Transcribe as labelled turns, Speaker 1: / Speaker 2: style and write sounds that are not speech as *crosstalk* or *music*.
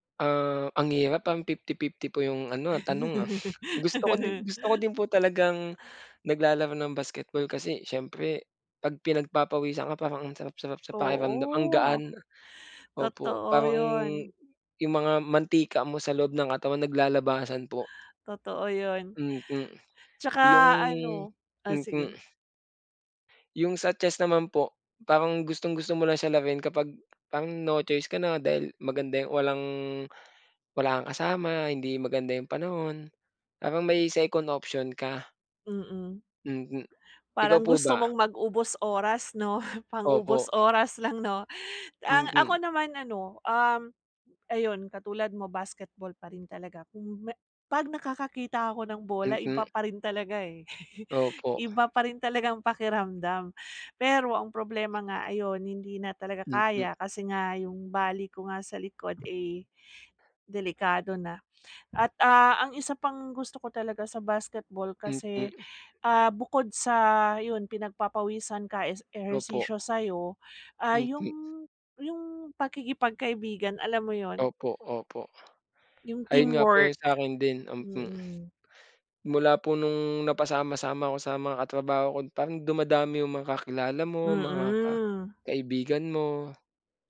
Speaker 1: Ah, ang hirap parang 50-50 po yung ano ah, tanong ah. Gusto ko din
Speaker 2: *laughs*
Speaker 1: gusto ko din po talagang nag-lalaro ng basketball kasi siyempre 'pag pinag-papawisan ka parang ang sarap-sarap sa pakiramdam, ang
Speaker 2: Oo.
Speaker 1: gaan, opo.
Speaker 2: Totoo
Speaker 1: Parang
Speaker 2: yun.
Speaker 1: yung mga mantika mo sa loob ng katawan nag-lalabasan po.
Speaker 2: Totoo yun.
Speaker 1: Mm
Speaker 2: Tsaka
Speaker 1: yung
Speaker 2: ano o
Speaker 1: mm.
Speaker 2: sige.
Speaker 1: Yung sa chest naman po, parang gustong-gusto mo lang siya laruin kapag parang no choice ka na dahil maganda yung walang wala kang kasama hindi maganda yung panahon, parang may second option ka.
Speaker 2: Mm.
Speaker 1: Mm, ikaw
Speaker 2: Parang
Speaker 1: po
Speaker 2: gusto
Speaker 1: ba?
Speaker 2: mong mag-ubos oras 'no?
Speaker 1: Opo.
Speaker 2: Pang-ubos oras lang 'no? Ang ako
Speaker 1: Mm.
Speaker 2: naman ano, um, ayun katulad mo basketball pa rin talaga kung me 'pag nakaka-kita ako ng bola iba
Speaker 1: Mm.
Speaker 2: pa rin talaga eh, *chuckles*
Speaker 1: Opo.
Speaker 2: iba pa rin talagang pakiramdam. Pero ang problema nga ayon, hindi na talaga
Speaker 1: Mm.
Speaker 2: kaya kasi nga yung bali ko nga sa likod eh, delikado na. At ah, ang isa pang gusto ko talaga sa basketball kasi,
Speaker 1: Mm.
Speaker 2: ah, bukod sa yun pinag-papawisan ka is,
Speaker 1: Opo.
Speaker 2: ehersisyo sa'yo, ah, yung
Speaker 1: Mm.
Speaker 2: yung pakikipag-kaibigan alam mo yun?
Speaker 1: Opo, opo.
Speaker 2: Yung
Speaker 1: Ayun nga po yung
Speaker 2: teamwork,
Speaker 1: sa'kin din, um, hmm.
Speaker 2: mm.
Speaker 1: Mula po nung napasama-sama ko sa mga katrabaho ko parang dumadami yung mga kakilala mo, mga ka
Speaker 2: Mm.
Speaker 1: kaibigan mo.